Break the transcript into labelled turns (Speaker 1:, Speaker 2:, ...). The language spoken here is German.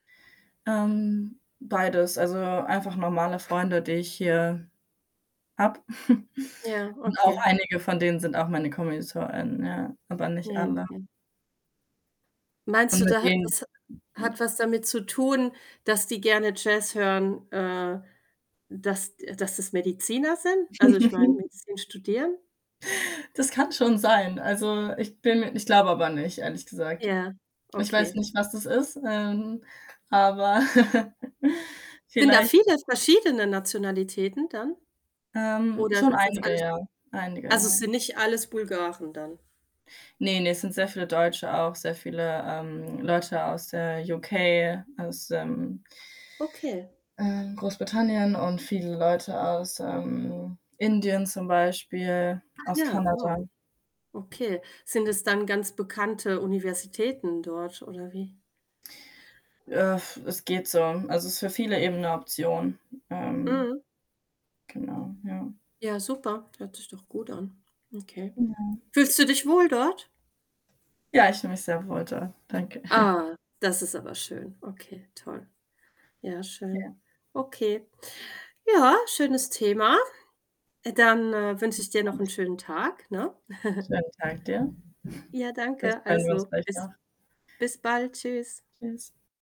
Speaker 1: Ähm, beides. Also, einfach normale Freunde, die ich hier habe.
Speaker 2: Ja,
Speaker 1: Und auch
Speaker 2: okay.
Speaker 1: einige von denen sind auch meine Komilitonen, ja, aber nicht
Speaker 2: Ja,
Speaker 1: alle.
Speaker 2: hm. Meinst
Speaker 1: Und
Speaker 2: du,
Speaker 1: mit
Speaker 2: da hat
Speaker 1: denen
Speaker 2: das ha
Speaker 1: ja?
Speaker 2: hat was damit zu tun, dass die gerne Jazz hören, äh, dass, d äh dass das Mediziner sind? Also, ich meine, Medizin studieren?
Speaker 1: Das kann schon sein. Also, ich bin mir ich glaube aber nicht, ehrlich gesagt.
Speaker 2: Ja,
Speaker 1: Ich weiß
Speaker 2: okay.
Speaker 1: nicht, was das ist, ähm, aber
Speaker 2: Sind da
Speaker 1: vielleicht
Speaker 2: viele verschiedene Nationalitäten dann
Speaker 1: Ähm,
Speaker 2: oder
Speaker 1: schon
Speaker 2: sind's
Speaker 1: einige,
Speaker 2: alles
Speaker 1: ja. Einige,
Speaker 2: also,
Speaker 1: ja.
Speaker 2: sind nicht alles Bulgaren dann?
Speaker 1: Ne, ne, es sind sehr viele Deutsche auch. Sehr viele, ähm, Leute aus der UK, aus, ähm
Speaker 2: Okay.
Speaker 1: äh, Großbritannien und viele Leute aus, ähm, Indien zum Beispiel,
Speaker 2: Ach
Speaker 1: aus
Speaker 2: ja,
Speaker 1: Kanada.
Speaker 2: wow. Okay. Sind es dann ganz bekannte Universitäten dort oder wie?
Speaker 1: es geht so. Also, es ist für viele eben 'ne Option. Ähm,
Speaker 2: Mhm.
Speaker 1: genau, ja.
Speaker 2: Ja, super, hört sich doch gut an. Okay.
Speaker 1: Genau.
Speaker 2: Fühlst du dich wohl dort?
Speaker 1: Ja, ich fühle mich sehr wohl dort. Danke.
Speaker 2: Ah, das ist aber schön. Okay, toll. Ja,
Speaker 1: Ja.
Speaker 2: schön. Okay. Ja, schönes Thema. Äh, dann, äh, wünsche ich dir noch 'n
Speaker 1: [unintelligible]
Speaker 2: schönen Tag, ne?
Speaker 1: Schönen Tag dir.
Speaker 2: Ja,
Speaker 1: Vielleicht
Speaker 2: danke.
Speaker 1: hören wir uns
Speaker 2: Also,
Speaker 1: gleich
Speaker 2: bis
Speaker 1: noch.
Speaker 2: bis bald, Tschüss.
Speaker 1: Tschüss.